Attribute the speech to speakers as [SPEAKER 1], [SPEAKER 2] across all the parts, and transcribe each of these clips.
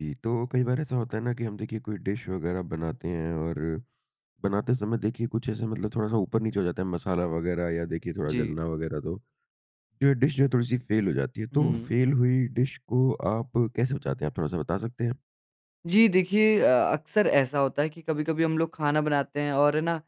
[SPEAKER 1] जी, तो कई बार ऐसा होता है ना कि हम देखिए कोई डिश वगैरह बनाते हैं और बनाते समय देखिए कुछ ऐसे मतलब थोड़ा-सा ऊपर-नीचे हो जाता है मसाला वगैरह या देखिए थोड़ा
[SPEAKER 2] जी।
[SPEAKER 1] जलना वगैरह तो, जो ये डिश जो है, थोड़ी-सी फ़ेल हो जाती है, तो
[SPEAKER 2] हुँ।
[SPEAKER 1] फ़ेल हुई डिश को आप कैसे बचाते हैं, आप थोड़ा-सा बता सकते हैं?
[SPEAKER 2] जी, देखिए अ, अक्सर ऐसा होता है कि कभी-कभी हम लोग खाना बनाते हैं और है ना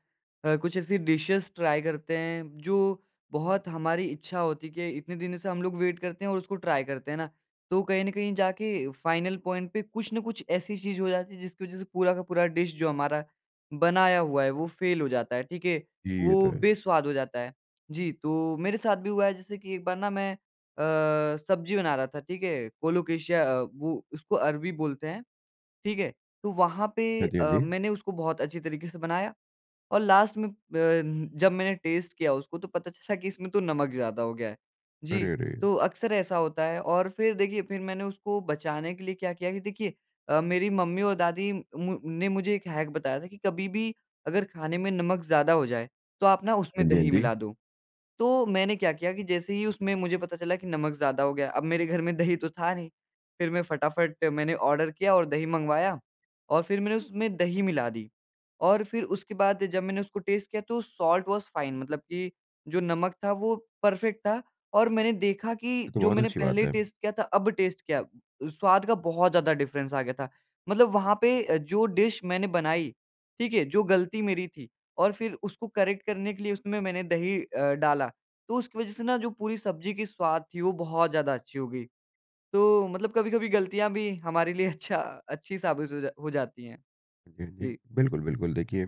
[SPEAKER 2] कुछ ऐसी डिशेज़ ट्राई करते हैं, जो बहुत हमारी इच्छा होती है कि इतने दिनों से हम लोग वेट करते हैं और उसको ट्राई करते हैं ना, तो कहीं न कहीं जाके फाइनल पॉइंट पे कुछ ना कुछ ऐसी चीज़ हो जाती है, जिसकी वज़ह से पूरा का पूरा डिश जो हमारा बनाया हुआ है वो फ़ेल हो जाता है, ठीक है।
[SPEAKER 1] जी, ये तो
[SPEAKER 2] वो
[SPEAKER 1] है।
[SPEAKER 2] बेस्वाद हो जाता है, जी, तो मेरे साथ भी हुआ है जैसे कि एक बार ना मैं अ, सब्ज़ी बना रहा था ठीक है, कोलोकेशिया वो उसको अरबी बोलते हैं। ठीक है? तो वहाँ पे
[SPEAKER 1] हाँ जी, हाँ
[SPEAKER 2] अ,
[SPEAKER 1] जी।
[SPEAKER 2] मैंने उसको बहुत अच्छी तरीके से बनाया और लास्ट में प जब मैंने टेस्ट किया उसको तो पता चला कि इसमें तो नमक ज़्यादा हो गया है। जी,
[SPEAKER 1] अरे, अरे।
[SPEAKER 2] तो अक्सर ऐसा होता है और फिर देखिए फिर मैंने उसको बचाने के लिए क्या किया कि देखिए अ, मेरी मम्मी और दादी म ने मुझे एक हैक बताया था कि कभी भी अगर खाने में नमक ज़्यादा हो जाए, तो आप ना
[SPEAKER 1] हाँ
[SPEAKER 2] उसमें
[SPEAKER 1] जी, हाँ
[SPEAKER 2] दही
[SPEAKER 1] जी।
[SPEAKER 2] मिला दो। तो मैंने क्या किया कि जैसे ही उसमें मुझे पता चला कि नमक ज़्यादा हो गया, अब मेरे घर में दही तो था नहीं, फिर मैं फटाफट मैंने ऑर्डर किया और दही मँगवाया और फिर मैंने उसमें दही मिला दी और फिर उसके बाद जब मैंने उसको टेस्ट किया तो साल्ट वाज फाइन मतलब की जो नमक था वो परफेक्ट था और मैंने देखा कि
[SPEAKER 1] ये तो
[SPEAKER 2] जो
[SPEAKER 1] बहुत
[SPEAKER 2] मैंने
[SPEAKER 1] अच्छी बात
[SPEAKER 2] पहले
[SPEAKER 1] है।
[SPEAKER 2] टेस्ट किया था, अब टेस्ट किया, स्वाद का बहुत ज़्यादा डिफरेंस आ गया था। मतलब वहाँ पे अ, जो डिश मैंने बनाई ठीक है, जो गलती मेरी थी और फिर उसको करेक्ट करने के लिए उसमें मैंने दही अ, डाला तो उसकी वज़ह से ना जो पूरी सब्ज़ी की स्वाद थी वो बहुत ज़्यादा अच्छी हो गई। तो मतलब कभी-कभी गलतियाँ भी हमारे लिए अच्छा अच्छी साबित हो जा हो जाती है। जी।
[SPEAKER 1] बिल्कुल, बिल्कुल देखिए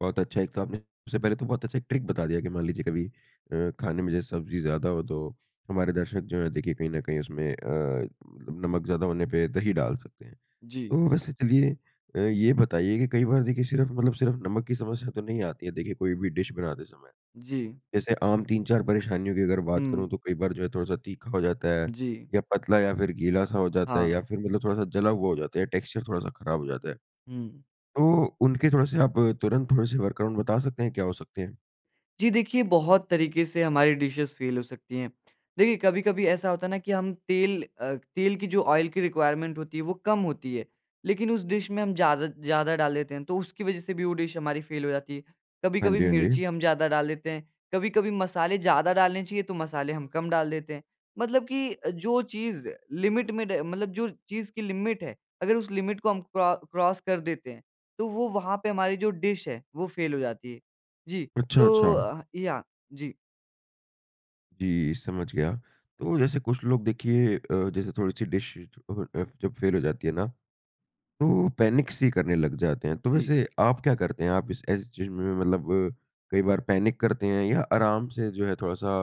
[SPEAKER 1] बहुत अच्छा एक तो आपने सबसे पहले तो बहुत अच्छा एक ट्रिक बता दिया कि मान लीजिए कभी अ, खाने में जैसे सब्जी ज़्यादा हो तो हमारे दर्शक जो है देखिए कहीं न कहीं उसमें अ, नमक ज़्यादा होने पे दही डाल सकते हैं।
[SPEAKER 2] जी।
[SPEAKER 1] तो वैसे चलिए अ, ये बताइए की कई बार देखिए सिर्फ़ मतलब सिर्फ़ नमक की समस्या तो नहीं आती है देखिए कोई भी डिश बनाते समय।
[SPEAKER 2] जी।
[SPEAKER 1] जैसे आम 3-4 परेशानियों की अगर बात करूँ,
[SPEAKER 2] हुँ।
[SPEAKER 1] तो कई बार जो है थोड़ा-सा तीखा हो जाता है
[SPEAKER 2] जी।
[SPEAKER 1] या पतला या फिर गीला-सा हो जाता है या
[SPEAKER 2] हाँ।
[SPEAKER 1] फिर मतलब थोड़ा-सा जला हुआ हो जाता है या टेक्सचर थोड़ा-सा ख़राब हो जाता है।
[SPEAKER 2] हुँ।
[SPEAKER 1] तो उनके थोड़े से आप तुरंत थोड़े से वर्क अराउंड बता सकते हैं क्या हो सकते हैं?
[SPEAKER 2] जी, देखिए बहुत तरीक़े से हमारी डिशेज़ फेल हो सकती हैं। देखिए कभी-कभी ऐसा होता है ना कि हम तेल अ, तेल की जो ऑयल की रिक्वायरमेंट होती है वो कम होती है, लेकिन उस डिश में हम ज़्यादा ज़्यादा डाल देते हैं तो उसकी वजह से भी वो डिश हमारी फेल हो जाती है।
[SPEAKER 1] हाँ
[SPEAKER 2] कभी-कभी
[SPEAKER 1] जी, हाँ
[SPEAKER 2] मिर्ची
[SPEAKER 1] जी।
[SPEAKER 2] हम ज़्यादा डाल देते हैं, कभी-कभी मसाले ज़्यादा डालने चाहिए तो मसाले हम कम डाल देते हैं, मतलब कि जो चीज़ लिमिट में ड मतलब जो चीज़ की लिमिट है, अगर उस लिमिट को हम क्रॉ क्रॉस कर देते हैं तो वो वहाँ पे हमारी जो डिश है वो फेल हो जाती है। जी,
[SPEAKER 1] अच्छा,
[SPEAKER 2] तो
[SPEAKER 1] अच्छा।
[SPEAKER 2] अ, याह। जी।
[SPEAKER 1] जी, समझ गया। तो जैसे कुछ लोग देखिए अ, जैसे थोड़ी-सी डिश [unintelligible] जब फेल हो जाती है ना, तो पैनिक-सी करने लग जाते हैं, तो
[SPEAKER 2] जी।
[SPEAKER 1] वैसे आप क्या करते हैं? आप इस ऐसी चीज़ में मतलब कई बार पैनिक करते हैं या आराम से जो है थोड़ा-सा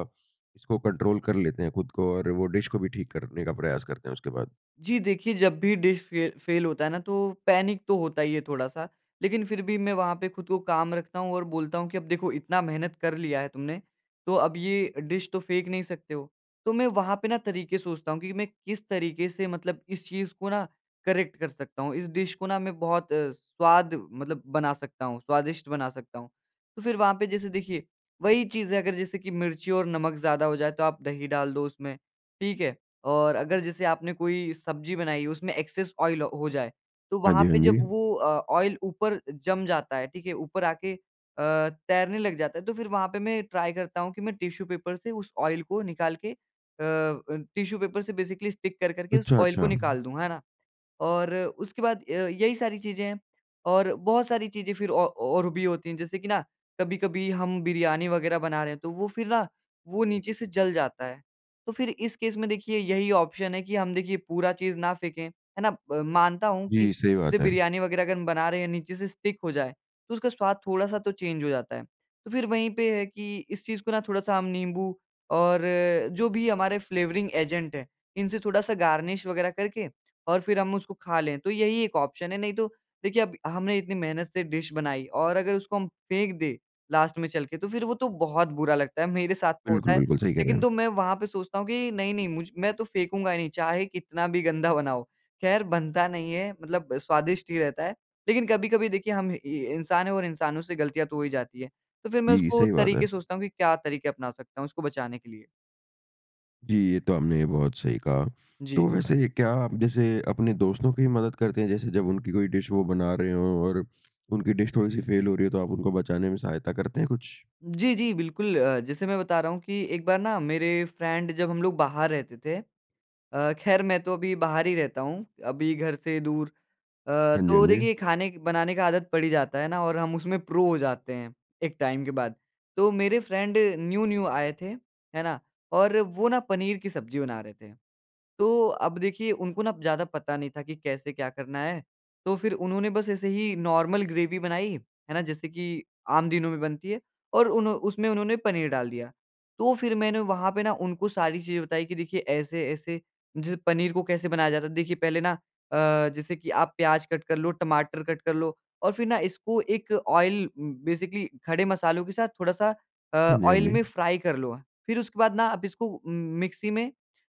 [SPEAKER 1] इसको कंट्रोल कर लेते हैं खुद को और वो डिश को भी ठीक करने का प्रयास करते हैं उसके बाद?
[SPEAKER 2] जी, देखिए जब भी डिश फे फेल होता है ना तो पैनिक तो होता ही है थोड़ा-सा लेकिन फिर भी मैं वहाँ पे खुद को काम रखता हूँ और बोलता हूँ कि अब देखो इतना मेहनत कर लिया है तुमने। तो अब ये डिश तो फेंक नहीं सकते हो, तो मैं वहाँ पे ना तरीक़े सोचता हूँ कि मैं किस तरीक़े से मतलब इस चीज़ को ना करेक्ट कर सकता हूँ। इस डिश को ना मैं बहुत अ, स्वाद मतलब बना सकता हूँ, स्वादिष्ट बना सकता हूँ। तो फिर वहाँ पे जैसे देखिए, वही चीज़ है अगर जैसे कि मिर्ची और नमक ज़्यादा हो जाए तो आप दही डाल दो उसमें। ठीक है? और अगर जैसे आपने कोई सब्ज़ी बनाई हो उसमें एक्सेस ऑयल हो जाए तो
[SPEAKER 1] हाँ
[SPEAKER 2] वहाँ
[SPEAKER 1] जी, हाँ
[SPEAKER 2] पे जब
[SPEAKER 1] जी।
[SPEAKER 2] वो अ, ऑयल ऊपर जम जाता है, ठीक है? ऊपर आके अ, तैरने लग जाता है तो फिर वहाँ पे मैं ट्राई करता हूँ कि मैं टिश्यू पेपर से उस ऑयल को निकाल के अ, टिश्यू पेपर से बेसिकली स्टिक कर, कर के उस
[SPEAKER 1] अच्छा,
[SPEAKER 2] ऑयल को
[SPEAKER 1] अच्छा।
[SPEAKER 2] निकाल दूँ। है ना? और उसके बाद अ, यही सारी चीज़ें हैं और बहुत सारी चीज़ें फिर औ और भी होती हैं जैसे कि ना कभी-कभी हम बिरयानी वग़ैरह बना रहे हैं, तो वो फिर ना वो नीचे से जल जाता है। तो फिर इस केस में देखिए यही ऑप्शन है कि हम देखिए पूरा चीज़ ना फेंके। है ना? म मानता हूँ कि
[SPEAKER 1] जी, सही
[SPEAKER 2] जैसे
[SPEAKER 1] बात है।
[SPEAKER 2] बिरयानी वग़ैरह अगर हम बना रहे हैं नीचे से स्टिक हो जाए, तो उसका स्वाद थोड़ा-सा तो चेंज हो जाता है। तो फिर वहीं पे है कि इस चीज़ को ना थोड़ा-सा नींबू और जो भी हमारे फ्लेवरिंग एजेंट हैं, इनसे थोड़ा-सा गार्निश वग़ैरह करके और फिर हम उसको खा लें। तो यही एक ऑप्शन है, नहीं तो देखिए अब हमने इतनी मेहनत से डिश बनाई और अगर उसको हम फेंक दें लास्ट में चल के तो फिर वो तो बहुत बुरा लगता है। मेरे साथ तो होता
[SPEAKER 1] बिल्कुल,
[SPEAKER 2] है
[SPEAKER 1] बिल्कुल सही कह रहे
[SPEAKER 2] लेकिन
[SPEAKER 1] हैं।
[SPEAKER 2] तो मैं वहाँ पे सोचता हूँ कि नहीं, नहीं मुझ मैं तो फेंकूँगा ही नहीं चाहे कितना भी गंदा बना हो। खैर बनता नहीं है मतलब स्वादिष्ट ही रहता है, लेकिन कभी-कभी देखिए हम इ इंसान है और इंसानों से गलतियाँ तो हो ही जाती हैं, तो फिर मैं
[SPEAKER 1] जी,
[SPEAKER 2] उसको
[SPEAKER 1] सही बात है।
[SPEAKER 2] तरीक़े सोचता हूँ कि क्या तरीक़े अपना सकता हूँ उसको बचाने के लिए।
[SPEAKER 1] जी, ये तो आपने बहुत सही कहा। तो
[SPEAKER 2] जी।
[SPEAKER 1] वैसे ये क्या आप जैसे अपने दोस्तों की मदद करते हैं जैसे जब उनकी कोई डिश वो बना रहे हो और उनकी डिश थोड़ी-सी फ़ेल हो रही है तो आप उनको बचाने में सहायता करते हैं कुछ?
[SPEAKER 2] जी, जी, बिल्कुल। अ, जैसे मैं बता रहा हूँ कि एक बार ना मेरे फ्रेंड जब हम लोग बाहर रहते थे। अ, ख़ैर मैं तो अभी बाहर ही रहता हूँ, अभी घर से दूर। अ,
[SPEAKER 1] हाँ जी, हाँ
[SPEAKER 2] तो
[SPEAKER 1] जी।
[SPEAKER 2] देखिए खाने बनाने का आदत पड़ ही जाता है ना? और हम उसमे प्रो हो जाते हैं, एक टाइम के बाद। तो मेरे फ्रेंड न्यू-न्यू आए थे, है ना? और वो ना पनीर की सब्ज़ी बना रहे थे। तो अब देखिए उनको ना ज़्यादा पता नहीं था कि कैसे क्या करना है? तो फिर उन्होंने बस ऐसे ही नॉर्मल ग्रेवी बनाई, है ना? जैसे कि आम दिनों में बनती है और उन उसमें उन्होंने पनीर डाल दिया। तो फिर मैंने वहाँ पे ना उनको सारी चीज़ें बताई कि देखिए ऐसे ऐसे, जैसे पनीर को कैसे बनाया जाता है? देखिए पहले ना अ, जैसे कि आप प्याज कट कर लो, टमाटर कट कर लो और फिर ना इसको एक ऑइल, बेसिकली खड़े मसालों के साथ थोड़ा-सा अ,
[SPEAKER 1] हाँ जी, हाँ
[SPEAKER 2] ऑइल में
[SPEAKER 1] जी।
[SPEAKER 2] फ्राई कर लो। फिर उसके बाद ना आप इसको उ मिक्सी में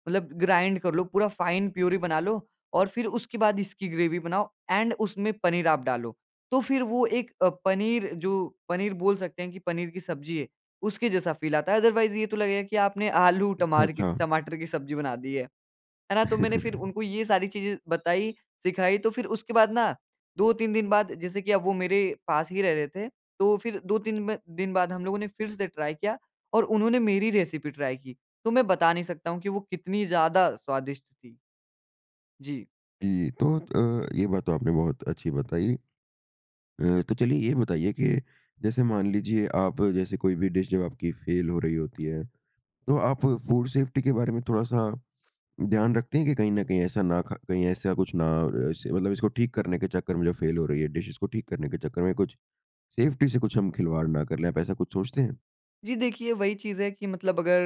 [SPEAKER 2] मतलब ग्राइंड कर लो पूरा फाइन प्यूरी बना लो और फिर उसके बाद इसकी ग्रेवी बनाओ ऐंड उसमें पनीर आप डालो। तो फिर वो एक अ, पनीर जो पनीर बोल सकते हैं कि पनीर की सब्ज़ी है। उसके जैसा फ़ील आता है। अदरवाइज़ ये तो लगेगा कि आपने आलू
[SPEAKER 1] अच्छा,
[SPEAKER 2] टमार की
[SPEAKER 1] अच्छा।
[SPEAKER 2] टमाटर की सब्ज़ी बना दी है, है ना? तो मैंने फिर उनको ये सारी चीज़ें बताई सिखाई तो फिर उसके बाद ना 2-3 दिन बाद जैसे की अब वो मेरे पास ही रह रहे थे। तो फिर 2-3 दिन बाद हम लोगों ने फिर से ट्राई किया, और उन्होंने मेरी रेसिपी ट्राई की। तो मैं बता नहीं सकता हूँ कि वो कितनी ज़्यादा स्वादिष्ट थी। जी।
[SPEAKER 1] जी, तो अ, ये बात तो आपने बहुत अच्छी बताई। अ, तो चलिए ये बताइए कि जैसे मान लीजिए आप जैसे कोई भी डिश जब आपकी फेल हो रही होती है, तो आप फूड सेफ्टी के बारे में थोड़ा-सा ध्यान रखते हैं कि कहीं न कहीं ऐसा ना ख कहीं ऐसा कुछ ना इसे मतलब इसको ठीक करने के चक्कर में जो फेल हो रही है डिश इसको ठीक करने के चक्कर में कुछ सेफ्टी से कुछ हम खिलवाड़ ना कर लें, आप ऐसा कुछ सोचते हैं?
[SPEAKER 2] जी, देखिए वही चीज़ है कि मतलब अगर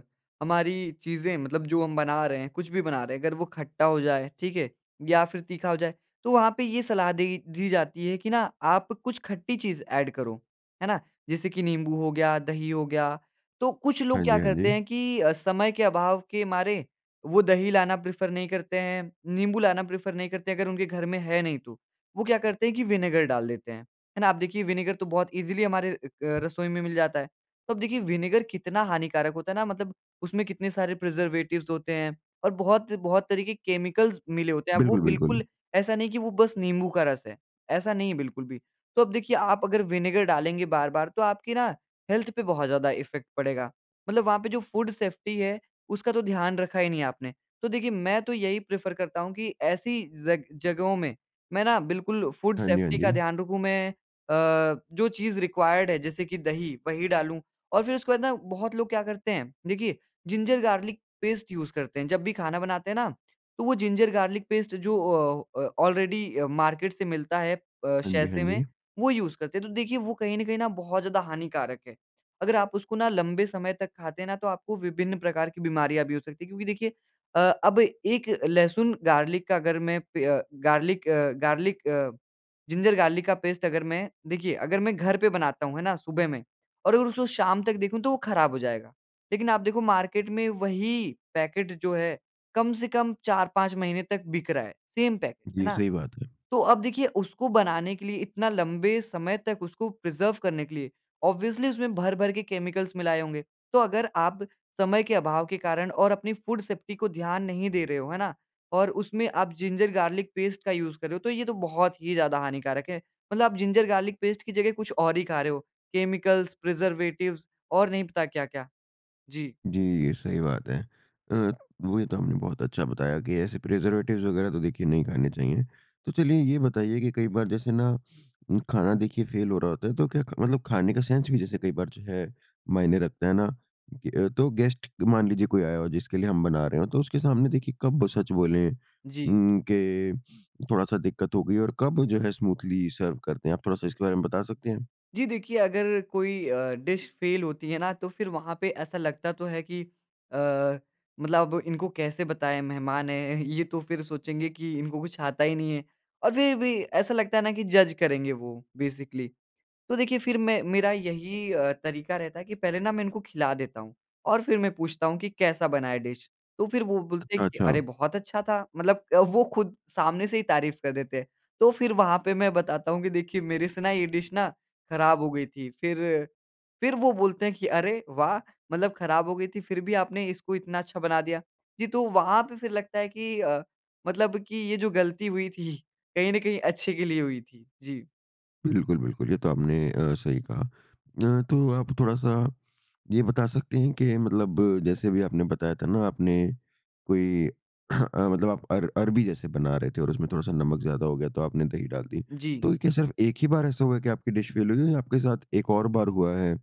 [SPEAKER 2] अ, हमारी चीज़ें मतलब जो हम बना रहे हैं, कुछ भी बना रहे हैं, अगर वो खट्टा हो जाए, ठीक है? या फिर तीखा हो जाए, तो वहाँ पे ये सलाह देगी दी जाती है कि आप कुछ खट्टी चीज़ एड करो है ना? जैसे कि नींबू हो गया, दही हो गया, तो कुछ लोग
[SPEAKER 1] हाँ जी,
[SPEAKER 2] क्या
[SPEAKER 1] हाँ
[SPEAKER 2] करते
[SPEAKER 1] जी।
[SPEAKER 2] हैं कि अ, समय के अभाव के मारे वो दही लाना प्रेफर नहीं करते हैं, नींबू लाना प्रेफर नहीं करते हैं, अगर उनके घर में है नहीं तो, वो क्या करते हैं की विनेगर डाल देते हैं, है ना? अब देखिए विनेगर तो बहुत ईजिली हमारे अ, रसोई में मिल जाता है। तो अब देखिए विनेगर कितना हानिकारक होता है ना, मतलब उसमें कितने सारे प्रिजर्वेटिव्स होते हैं और बहुत, बहुत तरह के केमिकल्स मिले होते हैं, अब वो
[SPEAKER 1] बिल्कुल, बिल्कुल।
[SPEAKER 2] बिल्कुल ऐसा नहीं है कि वो बस नींबू का रस है, ऐसा नहीं है, बिल्कुल भी। तो अब देखिए आप अगर विनेगर डालेंगे बार-बार तो आपकी ना हेल्थ पे बहुत ज़्यादा इफ़ेक्ट पड़ेगा। मतलब वहाँ पे जो फूड सेफ्टी है, उसका तो ध्यान रखा ही नहीं आपने। तो देखिए मैं तो यही प्रेफर करता हूँ कि ऐसी ज़ग जगहों में मैं ना बिल्कुल फूड
[SPEAKER 1] हाँ जी, हाँ
[SPEAKER 2] सेफ्टी का
[SPEAKER 1] जी।
[SPEAKER 2] ध्यान रखूँ, मैं अ, जो चीज़ रिक्वायर्ड है जैसे कि दही, वही डालूँ और फिर उसके बाद ना बहुत लोग क्या करते हैं? देखिए जिंजर, गार्लिक पेस्ट यूज़ करते हैं। जब भी खाना बनाते हैं ना तो वो जिंजर गार्लिक पेस्ट जो औ अ, ऑलरेडी मार्केट से मिलता है अ,
[SPEAKER 1] हाँ जी, हाँ
[SPEAKER 2] सैशे में
[SPEAKER 1] जी।
[SPEAKER 2] वो यूज़ करते हैं, तो देखिए वो कहीं न कहीं बहुत ज़्यादा हानिकारक है, अगर आप उसको ना लंबे समय तक खाते हैं ना तो आपको विभिन्न प्रकार की बीमारियाँ भी हो सकती है। क्योंकि देखिए अ, अब एक लहसुन गार्लिक का अगर मैं पे garlic uh, garlic uh, ginger garlic का पेस्ट अगर मैं देखिए अगर मैं घर पे बनाता हूँ, है ना सुबह में और अगर उसको शाम तक देखूँ तो वो खराब हो जाएगा। लेकिन आप देखो मार्केट में वही पैकेट जो है कम से कम 4-5 महीने तक बिक रहा है, सेम पैकेट है
[SPEAKER 1] जी,
[SPEAKER 2] ना?
[SPEAKER 1] सही बात है।
[SPEAKER 2] तो अब देखिए उसको बनाने के लिए इतना लंबे समय तक उसको प्रिजर्व करने के लिए ऑब्वियसली उसमें भर-भर के केमिकल्स मिलाए होंगे। तो अगर आप समय के अभाव के कारण और अपनी फूड सेफ्टी को ध्यान नहीं दे रहे हो, है ना? और उसमें आप जिंजर गार्लिक पेस्ट का यूज़ कर रहे हो तो ये तो बहुत ही ज़्यादा हानिकारक है। मतलब आप जिंजर गार्लिक पेस्ट की जगह कुछ और ही खा रहे हो। केमिकल्स, प्रिजर्वेटिव्स और नहीं पता क्या-क्या। जी।
[SPEAKER 1] जी, ये सही बात है। अ, वही तो आपने बहुत अच्छा बताया कि ऐसे प्रिजर्वेटिव्स वग़ैरह तो देखिए नहीं खाने चाहिए। तो चलिए ये बताइए कि कई बार जैसे ना खाना देखिए फेल हो रहा होता है, तो क्या ख मतलब खाने का सेंस भी जैसे कई बार जो है, मायने रखता है ना तो गेस्ट मान लीजिए कोई आया हो जिसके लिए हम बना रहे हों, तो उसके सामने देखिए कब सच बोले
[SPEAKER 2] जी।
[SPEAKER 1] उम, कि थोड़ा-सा दिक्कत हो गई है और कब जो है स्मूथली सर्व कर दें। आप थोड़ा-सा इसके बारे में बता सकते हैं?
[SPEAKER 2] जी, देखिए अगर कोई अ, डिश फेल होती है ना, तो फिर वहाँ पे ऐसा लगता तो है कि अ, मतलब इनको कैसे बताएँ मेहमान हैं, ये तो फिर सोचेंगे कि इनको कुछ आता ही नहीं है और फिर भी ऐसा लगता है ना कि जज़ करेंगे वो, बेसिकली। तो देखिए फिर मैं मेरा यही अ, तरीका रहता है कि पहले ना मैं इनको खिला देता हूँ और फिर मैं पूछता हूँ कि, कैसा बना है डिश? तो फिर वो बोलते
[SPEAKER 1] अच्छा,
[SPEAKER 2] हैं कि अरे!
[SPEAKER 1] अच्छा।
[SPEAKER 2] बहुत अच्छा था, मतलब वो खुद सामने से ही तारीफ़ कर देते हैं, तो फिर वहाँ पे मैं बताता हूँ कि देखिए मेरे से ना ये डिश ना ख़राब हो गई थी। फिर फिर वो बोलते हैं कि अरे वाह! मतलब खराब हो गई थी फिर भी आपने इसको इतना अच्छा बना दिया। जी, तो वहाँ पे फिर लगता है कि अ, मतलब कि ये जो गलती हुई थी, कहीं न कहीं अच्छे के लिए हुई थी। जी।
[SPEAKER 1] बिल्कुल, बिल्कुल। ये तो आपने अ, सही कहा। अ, तो आप थोड़ा-सा ये बता सकते हैं कि मतलब जैसे भी आपने बताया था ना, आपने कोई मतलब आप अर अरबी जैसे बना रहे थे और उसमें थोड़ा-सा नमक ज़्यादा हो गया तो आपने दही डाल दी।
[SPEAKER 2] जी।
[SPEAKER 1] तो क्या सिर्फ़ एक ही बार ऐसा हुआ कि आपकी डिश फ़ेल हुई या आपके साथ एक और बार हुआ है,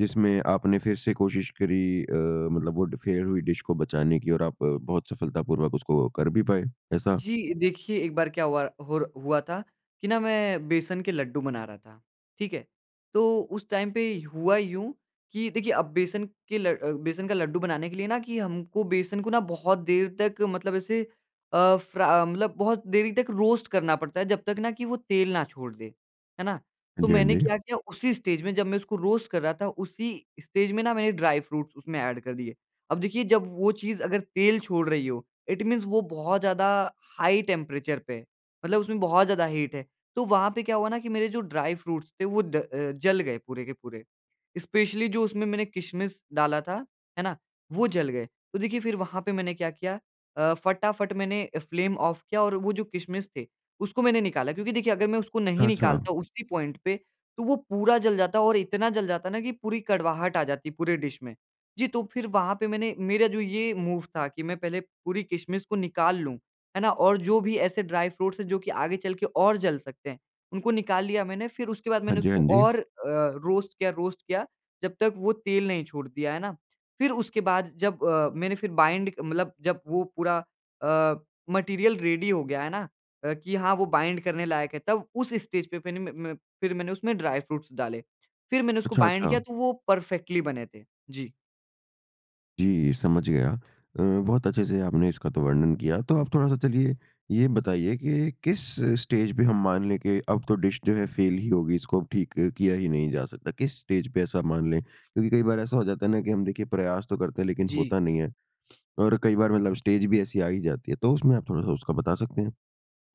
[SPEAKER 1] जिसमें आपने फिर से कोशिश करी अ, मतलब वो फ़ेल हुई डिश को बचाने की और आप बहुत सफलतापूर्वक उसको कर भी पाए ऐसा?
[SPEAKER 2] जी, देखिए एक बार क्या हुआ होर हुआ था कि ना मैं बेसन के लड्डू बना रहा था, ठीक है? तो उस टाइम पे हुआ यूँ कि देखिए अब बेसन के ल बेसन का लड्डू बनाने के लिए ना कि हमको बेसन को बहुत देर तक मतलब ऐसे अ, फर्रा मतलब बहुत देरी तक रोस्ट करना पड़ता है, जब तक ना कि वो तेल ना छोड़ दे, है ना?
[SPEAKER 1] हाँ
[SPEAKER 2] तो
[SPEAKER 1] जी, हाँ
[SPEAKER 2] मैंने
[SPEAKER 1] जी।
[SPEAKER 2] क्या किया उसी स्टेज में, जब मैं उसको रोस्ट कर रहा था, उसी स्टेज में मैंने ड्राई फ्रूट्स उसमें एड कर दिए। अब देखिए जब वो चीज़ अगर तेल छोड़ रही हो, इट मीन्स वो बहुत ज़्यादा हाई टेंपरेचर पे है, मतलब उसमें बहुत ज़्यादा हीट है, तो वहाँ पे क्या हुआ ना कि मेरे जो ड्राई फ्रूट्स थे वो ड अ, जल गए पूरे के पूरे, स्पेशली जो उसमें मैंने किशमिश डाला था, है ना, वो जल गए। तो देखिए फिर वहाँ पे मैंने क्या किया, अ, फटाफट मैंने फ्लेम ऑफ किया और वो जो किशमिश थे, उसको मैंने निकला। क्योंकि देखिए अगर मैं उसको नहीं
[SPEAKER 1] अच्छा।
[SPEAKER 2] निकलता उसी पॉइंट पे तो वो पूरा जल जाता है और इतना जल जाता न कि पूरी कड़वाहट आ जाती है पूरे डिश में। जी, तो फिर वहाँ पे मैंने मेरा जो ये मूव था कि मैं पहले पूरी किशमिश को निकाल लूँ, है ना, और जो भी ऐसे ड्राई फ्रूट्स है जो कि आगे चल के और जल सकते हैं, उनको निकाल लिया मैंने, फिर उसके बाद
[SPEAKER 1] हाँ
[SPEAKER 2] मैंने
[SPEAKER 1] जी, हाँ
[SPEAKER 2] उसको
[SPEAKER 1] जी।
[SPEAKER 2] और अ, रोस्ट किया, रोस्ट किया, जब तक वो तेल नहीं छोड़ दिया, है ना, फिर उसके बाद जब अ, मैंने फिर बाइंड मतलब जब वो पूरा अ, मटीरियल रेडी हो गया, है ना, कि हाँ, वो बाइंड करने लायक है, तब उस स्टेज पे फिन म म फिर मैंने उसमें ड्राई फ्रूट्स डाले। फिर मैंने उसको
[SPEAKER 1] अच्छा,
[SPEAKER 2] बाइंड किया
[SPEAKER 1] अच्छा।
[SPEAKER 2] तो वो परफ़ेक्टली बने थे। जी।
[SPEAKER 1] जी, समझ गया। अ, बहुत अच्छे-से आपने इसका तो वर्णन किया तो आप थोड़ा-सा चलिए ये बताइए कि किस स्टेज पे हम मान लें कि अब तो डिश जो है फ़ेल ही होगी, इसको अब ठीक किया ही नहीं जा सकता। किस स्टेज पे ऐसा मान लें, क्योंकि कई बार ऐसा हो जाता है ना कि हम देखिए प्रयास तो करते हैं, लेकिन
[SPEAKER 2] जी।
[SPEAKER 1] होता नहीं है। और कई बार मतलब स्टेज भी ऐसी आ ही जाती है, तो उसमें आप थोड़ा-सा उसका बता सकते हैं?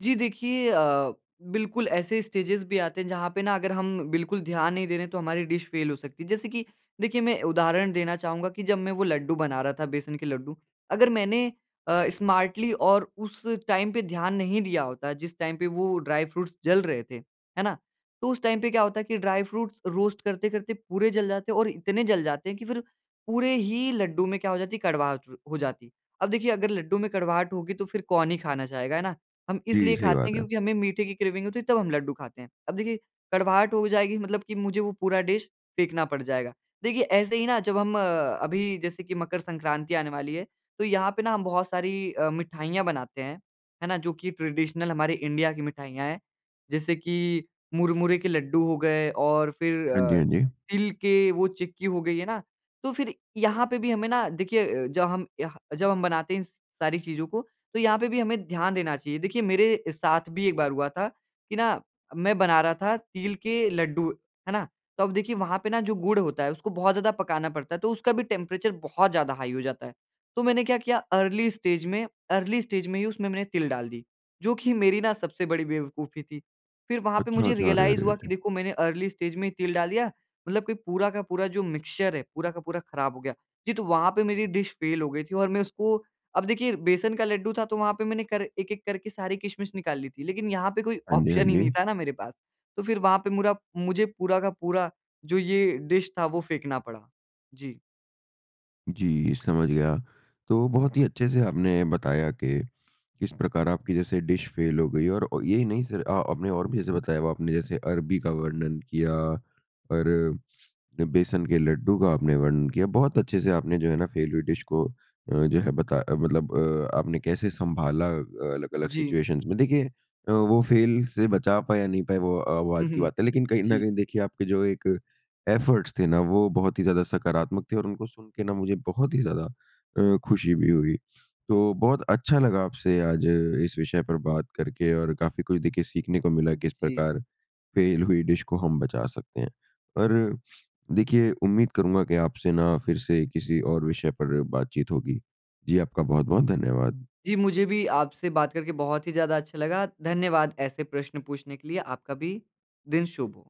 [SPEAKER 2] जी, देखिए अ, बिल्कुल ऐसे स्टेजेज़ भी आते हैं जहाँ पे ना अगर हम बिल्कुल ध्यान नहीं दे रहे हैं, तो हमारी डिश फ़ेल हो सकती है। जैसे कि देखिए मैं उदाहरण देना चाहूँगा कि जब मैं वो लड्डू बना रहा था, बेसन के लड्डू, अगर मैंने अ, स्मार्टली और उस टाइम पे ध्यान नहीं दिया होता जिस टाइम पे वो ड्राई फ्रूट्स जल रहे थे। है ना, तो उस टाइम पे क्या होता है कि ड्राई फ्रूट्स रोस्ट करते-करते पूरे जल जाते और इतने जल जाते कि फिर पूरे ही लड्डू में क्या हो जाती कड़वाहट हो जाती। अब देखिए अगर लड्डू में कड़वाहट होगी तो फिर कौन ही खाना चाहेगा, है ना, हम
[SPEAKER 1] जी,
[SPEAKER 2] इसलिए
[SPEAKER 1] सही
[SPEAKER 2] खाते हैं
[SPEAKER 1] बात है।
[SPEAKER 2] क्योंकि हमें मीठे की क्रेविंग होती है, तब हम लड्डू खाते हैं, अब देखिए, कड़वाहट हो जाएगी मतलब कि मुझे वो पूरा डिश फेंकना पड़ जाएगा। देखिए ऐसे ही ना जब हम अ, अभी जैसे कि मकर संक्रांति आने वाली है, तो यहाँ पे ना हम बहुत सारी अ, मिठाइयाँ बनाते हैं। है ना, जो कि ट्रेडिशनल हमारे इंडिया की मिठाइयाँ हैं। जैसे कि मुरमुरे के लड्डू हो गए और फिर
[SPEAKER 1] हाँ जी,
[SPEAKER 2] अ,
[SPEAKER 1] हाँ जी।
[SPEAKER 2] तिल के वो चिक्की हो गई है ना? तो फिर यहाँ पे भी हमें ना देखिए, जब हम यह जब हम बनाते हैं इन स सारी चीज़ों को तो यहाँ पे भी हमें ध्यान देना चाहिए। देखिए मेरे साथ भी एक बार हुआ था कि ना मैं बना रहा था तिल के लड्डू। है ना, तो अब देखिए वहाँ पे ना जो गुड़ होता है उसको बहुत ज़्यादा पकाना पड़ता है, तो उसका भी टेंपरेचर बहुत ज़्यादा हाई हो जाता है। तो मैंने क्या किया अर्ली स्टेज में, अर्ली स्टेज में ही उसमें मैंने तिल डाल दी, जो कि मेरी ना सबसे बड़ी बेवकूफी थी। फिर वहाँ पे
[SPEAKER 1] अच्छा,
[SPEAKER 2] मुझे
[SPEAKER 1] अच्छा। अरे,
[SPEAKER 2] रियलाइज़
[SPEAKER 1] अरे,
[SPEAKER 2] हुआ कि
[SPEAKER 1] अरे!
[SPEAKER 2] देखो मैंने अर्ली स्टेज में ही तिल डाल दिया मतलब कि पूरा का पूरा जो मिक्सचर है, पूरा का पूरा खराब हो गया। जी, तो वहाँ पे मेरी डिश फ़ेल हो गई थी और मैं उसको अब देखिए बेसन का लड्डू था तो वहाँ पे मैंने कर एक-एक करके सारी किशमिश निकाल ली थी। लेकिन यहाँ पे कोई
[SPEAKER 1] हाँ जी, हाँ
[SPEAKER 2] ऑप्शन ही नहीं
[SPEAKER 1] जी।
[SPEAKER 2] था ना मेरे पास। तो फिर वहाँ पे मुरा मुझे पूरा का पूरा जो ये डिश था वो फेंकना पड़ा। जी।
[SPEAKER 1] जी, समझ गया। तो बहुत ही अच्छे से आपने बताया कि किस प्रकार आपकी जैसे डिश फ़ेल हो गई और अ, ये नहीं सिर्फ़ अ, आपने और भी जैसे बताया आपने जैसे अरबी का वर्णन किया और बेसन के लड्डू का आपने वर्णन किया, बहुत अच्छे से आपने जो है ना फ़ेल हुई डिश को अ, जो है बता मतलब अ, आपने कैसे सँभाला अलग-अलग
[SPEAKER 2] जी।
[SPEAKER 1] सिचुएशंस में। देखिए अ, वो फ़ेल से बचा पाया, नहीं पाया वो अ, वो
[SPEAKER 2] हुँ,
[SPEAKER 1] आज की
[SPEAKER 2] हुँ।
[SPEAKER 1] बात है लेकिन कहीं न
[SPEAKER 2] जी।
[SPEAKER 1] कहीं देखिए आपके जो एक एफ़र्ट्स थे ना वो बहुत ही ज़्यादा सकारात्मक थे और उनको सुन के ना मुझे बहुत ही ज़्यादा अ, खुशी भी हुई। तो बहुत अच्छा लगा आपसे आज इस विषय पर बात करके और काफ़ी कुछ देखिए सीखने को मिला,
[SPEAKER 2] उ,
[SPEAKER 1] किस
[SPEAKER 2] जी।
[SPEAKER 1] प्रकार फ़ेल हुई डिश को हम बचा सकते हैं। और देखिए उम्मीद करूँगा कि आपसे ना फिर से किसी और विषय पर बातचीत होगी। जी, आपका बहुत-बहुत धन्यवाद।
[SPEAKER 2] जी, मुझे भी आपसे बात करके बहुत ही ज़्यादा अच्छा लगा, धन्यवाद ऐसे प्रश्न पूछने के लिए। आपका भी दिन शुभ हो।